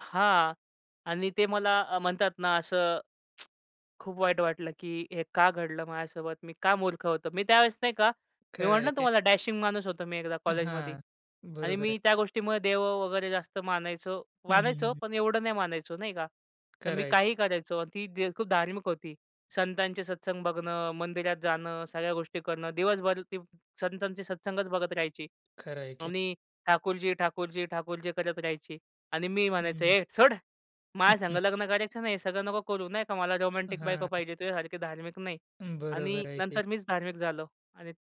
हां, आणि ते मला अ, म्हणतात ना असं, खूप वाईट वाटलं, की हे का घडलं माझ्यासोबत? मी का मूर्ख होतो? मी त्यावेळेस, नाही का, मी खरं म्हटलं आहे की. तुम्हाला, डॅशिंग माणूस होतो मी एकदा कॉलेजमध्ये हां. आणि बरोबर आहे. मी त्या गोष्टीमुळे देव वगैरे जास्त मानायचो. हं, हं, मानायचो, हं. पण एवढं नाही मानायचो, नाही का. तर खरं मी आहे. काहीही करायचो आणि ती खूप धार्मिक होती. संतांचे सत्संग बघणं, मंदिरात जाणं, सगळ्या गोष्टी करणं, दिवसभर ती संतांचे सत्संगच बघत राहायची. खरं आहे की. आणि ठाकूरजी, ठाकूरजी, ठाकूरजी करत राहायची आणि मी हं, म्हणायचो, हं. "ए सोड, माझ्यासंग लग्न करायचं ना, हे सगळं नको करू. नाही का, मला रोमॅन्टिक बायको हां. पाहिजे, तुझ्यासारखी धार्मिक नाही." अं, आणि बरोबर आहे की. नंतर मीच धार्मिक झालो आणि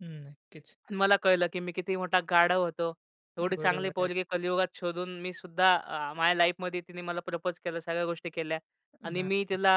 हं, नक्कीच. मला कळलं, की मी किती मोठा गाढव होतो. अं, एवढी चांगली बरोबर आहे. पोरगी कलियुगात शोधून मी सुद्धा अ, माझ्या लाईफमध्ये तिने मला प्रपोज केलं. सगळ्या गोष्टी केल्या आणि हां. मी तिला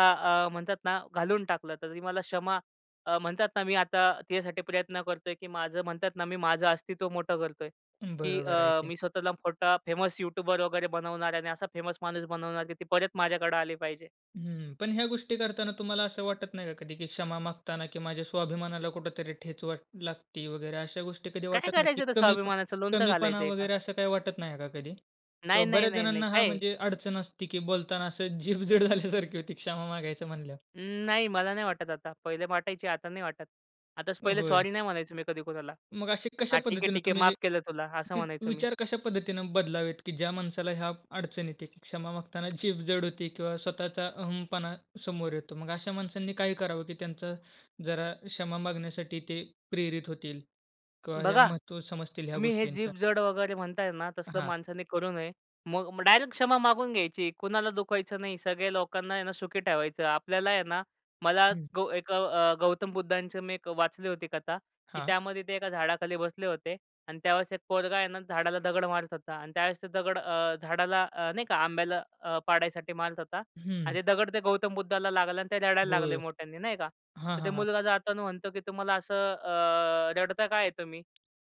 अ, म्हणतात ना, घालवून टाकलं. तर ती मला क्षमा अ, म्हणतात ना, मी आता तिच्यासाठी प्रयत्न करतोय, की माझं, म्हणतात ना, मी माझं अस्तित्व मोठं करतोय, अं, की बरोबर आहे अ, की. मी स्वतःला मोठा फेमस यूट्यूबर वगैरे बनवणार आहे आणि असा फेमस माणूस बनवणार, की ती परत माझ्याकडं आली पाहिजे. हं. पण ह्या गोष्टी करताना तुम्हाला असं वाटत नाही का कधी, की क्षमा मागताना की माझ्या स्वाभिमानाला कुठेतरी ठेच वाट लागती वगैरे? अशा गोष्टी कधी काय वाटत नाही, की करायचं त्या कमीप स्वाभिमानाचं? लोणचं कमीपणा घालायचंय का? वगैरे, असं काही वाटत नाही का कधी? नाही, किंवा नाही, बऱ्याच नाही, नाही, जणांना हां, काय आहे. म्हणजे अडचण असती, की बोलताना असं जीभ जड झाल्यासारखी होती. क्षमा मागायचं म्हणल्यावर. नाही, मला नाही वाटत आता. पहिले वाटायची, आता नाही वाटत. आताच अ, पहिले, होय. सॉरी नाही म्हणायचो मी कधी कुणाला. मग अशी कशा "हां, ठीक आहे, पद्धतीने ठीक आहे, तुम्ही हे माफ केलं तुला," असं वि म्हणायचो मी. विचार कशा पद्धतीने बदलावेत, की ज्या माणसाला ह्या अडचण येते, क्षमा मागताना जीभ जड होते किंवा स्वतःचा अहंपणा समोर येतो. मग अशा माणसांनी काय करावं, की त्यांचं जरा क्षमा मागण्यासाठी ते प्रेरित होतील किंवा ह्या बघा, महत्त्व समजतील ह्या तुम्ही हे गोष्टींच्या? जीभ जड वगैरे म्हणताय ना, अ, तसलं हां. माणसाने करू नये. मग मग डायरेक्ट क्षमा मागून घ्यायची, कुणाला दुखायचं नाही. सगळ्या लोकांना, हे ना, सुखी ठेवायचं. आपल्याला आहे ना, मला हं. गौ एक गौ अ, गौतम बुद्धांची मी एक वाचली होती कथा, की हां. त्यामध्ये ते एका झाडाखाली बसले होते आणि त्यावेळेस एक पोरगा आहे ना, झाडाला दगड मारत होता आणि त्यावेळेस ते दगड अ, झाडाला अ, नाही का, आंब्याला अ, पाडायसाठी मारत होता आणि हं. ते दगड ते गौतम बुद्धाला लागलं आणि ते रडायला लागले होय. मोठ्यांनी, नाही का. हां, तर ते हां, हां. मुलगा जाताना म्हणतो, की "तुम्हाला असं अ, रडता का आहे तुम्ही?"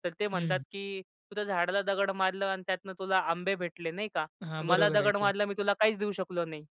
तर ते म्हणतात, हं. की "तू त्या झाडाला दगड मारलं आणि त्यातनं तुला आंबे भेटले, नाही का. हां, मला बरोबर आहे दगड की. मारला, मी तुला काहीच देऊ शकलो नाही."